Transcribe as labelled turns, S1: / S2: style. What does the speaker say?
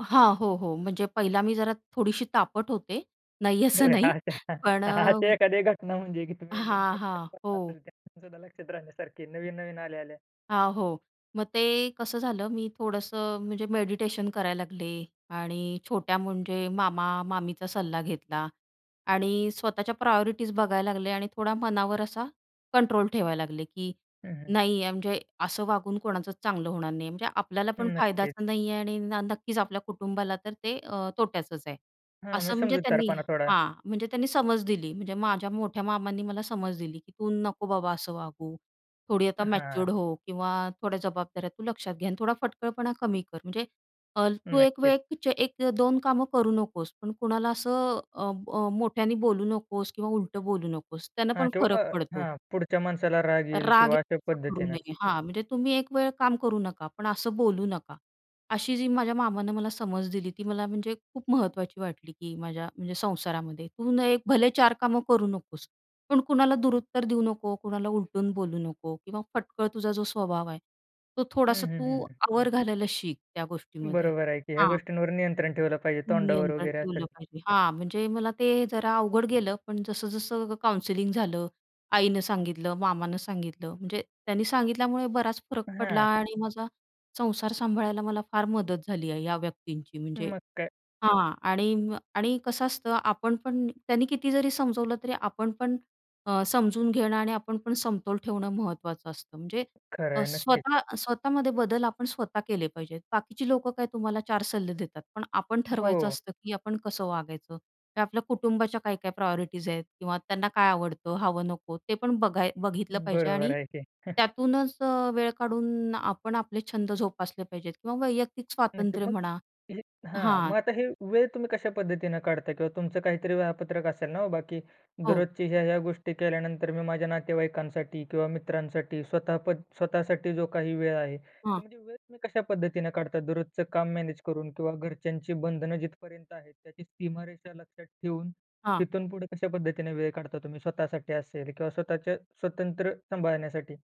S1: हां, हो. हो. म्हणजे पहिली मी जरा थोडीशी तापट होते, नाही असं नाही पण
S2: अशी
S1: अ,
S2: एखादी घटना म्हणजे की तुम्ही एकदम
S1: हां, हां.
S2: [unintelligible] असेल
S1: हो.
S2: सुद्धा लक्षात राहण्यासारखी नवीन-नवीन आल्या-आल्या?
S1: हां, हो. मग ते कसं झालं मी थोडंसं म्हणजे मेडिटेशन करायला लागले आणि छोट्या म्हणजे मामा-मामीचा सल्ला घेतला आणि स्वतःच्या प्रायोरिटीज बघायला लागले आणि थोडा मनावर असा कंट्रोल ठेवायला लागले की
S2: हं, हं.
S1: नाही आहे म्हणजे असं वागून कोणाचं चांगलं होणार नाही, म्हणजे आपल्याला पण
S2: नक्कीच.
S1: फायद्याचं नाही आहे आणि नक्कीच आपल्या कुटुंबाला तर ते अ, तोट्याचच आहे.
S2: हां. म्हणजे
S1: असं म्हणजे त्यांनी
S2: समजूतदारपणा थोडा.
S1: हां. म्हणजे त्यांनी समज दिली म्हणजे माझ्या मोठ्या मामांनी मला समज दिली की "तू नको बाबा असं वागू थोडी आता
S2: हं, हां.
S1: मॅच्युअर्ड हो, किंवा थोड्या जबाबदाऱ्या तू लक्षात घे आणि थोडा फटकळपणा कमी कर. म्हणजे तू 1
S2: नक्कीच.
S1: वेळ 1-2 कामं करू नकोस पण कुणाला असं अ, अ, मोठ्याने बोलू नकोस किंवा उलटं बोलू नकोस त्यानं
S2: हां.
S1: पण
S2: किंवा
S1: फरक
S2: अ,
S1: पडतो."
S2: हां. पुढच्या माणसाला राग येईल
S1: राग
S2: किंवा अशा
S1: करू
S2: पद्धतीने.
S1: नये. हां, म्हणजे तुम्ही 1 वेळ काम करू नका पण असं बोलू नका. अशी जी माझ्या मामानं मला समज दिली ती मला म्हणजे खूप महत्त्वाची वाटली की माझ्या म्हणजे संसारामध्ये, "तू न हे भले 4 कामं करू नकोस, पण कुणाला दुरुत्तर देऊ नको, कुणाला उलटून बोलू नको किंवा फटकळ तुझा जो स्वभाव आहे, तो
S2: हं,
S1: थोडासा
S2: हं, हं,
S1: तू
S2: हं.
S1: आवर घालायला शिक त्या गोष्टीमध्ये."
S2: बरोबर आहे की ह्या
S1: हां.
S2: गोष्टींवर नियंत्रण ठेवलं पाहिजे तोंडावर
S1: नियंत्रण
S2: वगैरे
S1: ठेवलं
S2: असेल.
S1: पाहिजे हां, म्हणजे मला ते जरा अवघड गेलं, पण जसं-जसं काउन्सिलिंग झालं, आईनं सांगितलं, मामानं सांगितलं म्हणजे त्यांनी सांगितल्यामुळे बराच फरक पडला
S2: हां.
S1: आणि माझा संसार सांभाळायला मला फार मदत झाली आहे या व्यक्तींची. म्हणजे
S2: मग काय.
S1: हां. आणि अ, आणि कसं असतं आपण पण त्यांनी किती जरी समजवलं तरी आपण पण अ, समजून घेणं आणि आपण पण समतोल ठेवणं महत्त्वाचं असतं. म्हणजे
S2: खरं
S1: अ,
S2: आहे नक्कीच.
S1: स्वतः स्वतःमध्ये बदल आपण स्वतः केले पाहिजेत, बाकीची लोकं काय तुम्हाला 4 सल्ले देतात, पण आपण ठरवायचं
S2: हो.
S1: असतं की आपण कसं वागायचं. हे आपल्या कुटुंबाच्या काय-काय प्रायोरिटीज् आहेत किंवा त्यांना काय आवडतं, हवं नको ते पण बघाय बघितलं पाहिजे.
S2: बरोबर
S1: आणि
S2: आहे की.
S1: त्यातूनंच अ, वेळ काढून आपण आपले छंद जोपासले पाहिजेत. किंवा वैयक्तिक
S2: नक्की.
S1: स्वातंत्र्य
S2: मग
S1: म्हणा,
S2: हे हां,
S1: हां.
S2: मग आता हे वेळ तुम्ही कशा पद्धतीने काढता? किंवा तुमचं काहीतरी वेळापत्रक असेल ना हो. बाकी
S1: हो.
S2: दररोजची ह्या-ह्या गोष्टी केल्यानंतर मी माझ्या नातेवाईकांसाठी किंवा मित्रांसाठी स्वतःपण, स्वतःसाठी जो काही वेळ आहे.
S1: हं.
S2: तुमची वेळ तुम्ही कशा पद्धतीने काढता दररोजचं काम मॅनेज करून? किंवा घरच्यांची बंधनं जिथपर्यंत आहेत त्याची सीमारेषा लक्षात ठेवून,
S1: हां
S2: तिथून पुढे कशा पद्धतीने वेळ काढता तुम्ही स्वतःसाठी असेल किंवा स्वतःच्या स्वतंत्र सांभाळण्यासाठी?